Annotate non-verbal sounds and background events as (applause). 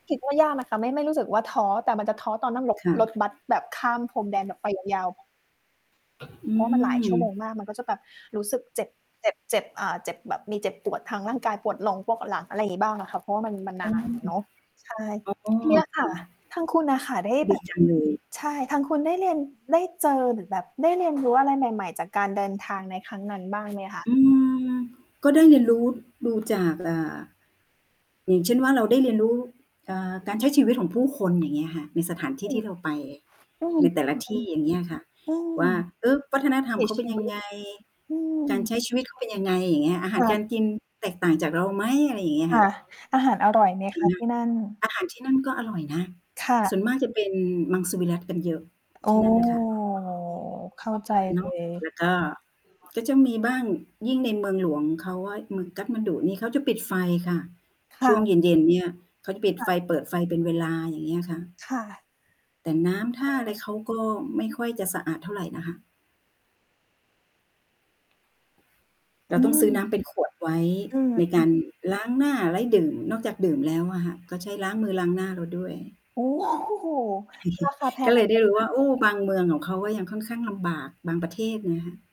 คิดว่ายาก นะคะ ไม่ ไม่รู้สึกว่าท้อ แต่มันจะท้อตอนนั่งรถ ค่ระ ถบัสแบบข้ามพรมแดนแบบไปยาว ๆ อืเพราะว่ามันหลายม ชั่วโมงมาก มันก็จะแบบรู้สึกเจ็บ เจ็บ เจ็บ อ่า เจ็บแบบ มีเจ็บปวดทางร่างกาย ปวดลงพวกหลัง อะไรอย่างงี้บ้างน่ะค่ะ เพราะว่ามัน มันนอานอะเนาะ ใช่ ๋อ อ๋อ (smacks lips) เนี่ยคค่ะ ่ะ ทางคุณน่ะค่ะได้ดแบีบ จังเลย ใช่ ทางคุณได้เรียน ได้เจอ หรือแบบได้เรียนรู้อะไรใหม่ ๆ จากการเดินทางในครั้งนั้นบ้าง ไหมคะ? อืม ก็ได้รู้ ดูจาก อ่า อย่างเช่นว่า เราได้เรียนรู้ เอ่อ การใช้ชีวิตของผู้คน อย่างเงี้ยค่ะ ในสถานที่อืทม ี่เราไปอืม ในแต่ละทอืี่ ม อย่างเงี้ยอะค่ะ ๆ อืม ว่า "เออ วัฒนวิธรถรมีเขาเชป็นียวังิต ไง? อืการม ใช้ชีวิตเขาเป็นยังไง?" อย่างเงี้ย "อาหาเรการออ กินแตกต่างจากเราไหม?" อะไรอย่างงี้อคะค่่ะ ะ อาหารอร่อยไหมจรคิงะไหม? ที่นั่น? อาหารที่นู่นก็อร่อยนะ ค่สะ ่วนมากจะเป็นมังสวิรัติกันเยอะ อท๋ีอ ่นั่นค่ะ เข้าใจเนเลาะ ย แล้วก็ ก็มีจะบ้าง ยิ่งในเมืองหลวง เขาว่าเมืองกาฐมาณฑุนี่เขาจะปิดไฟค่ะ คช่่วงะ เย็น ๆ เนี่ย เขาจะปิดค่ไฟ ะ เปิดไฟเป็นเวลา อย่างเงี้ยค่ะ ค่ะ แต่น้ำทเ่าอออ ะไรเขาก็ไม่ค่อยจะสะอาดเท่าไรนะคะ เอราืต้องซื้อน้ม ำเป็นขวดไว้ อืม ในอกืาม รล้างหน้า ไว้ดื่ม นอกจากดื่มแล้วอะค่ะ ก็ใช้ล้างมือล้างหน้าเราด้วย โอ้ โฮ ราค(chuckles) าแพก็งเลอะยตไดร้รูง้นัว่้น า โอ้ บางเมืองของเขาก็ยังค่อนข้างลำบาก บางประเทศ เงี้ย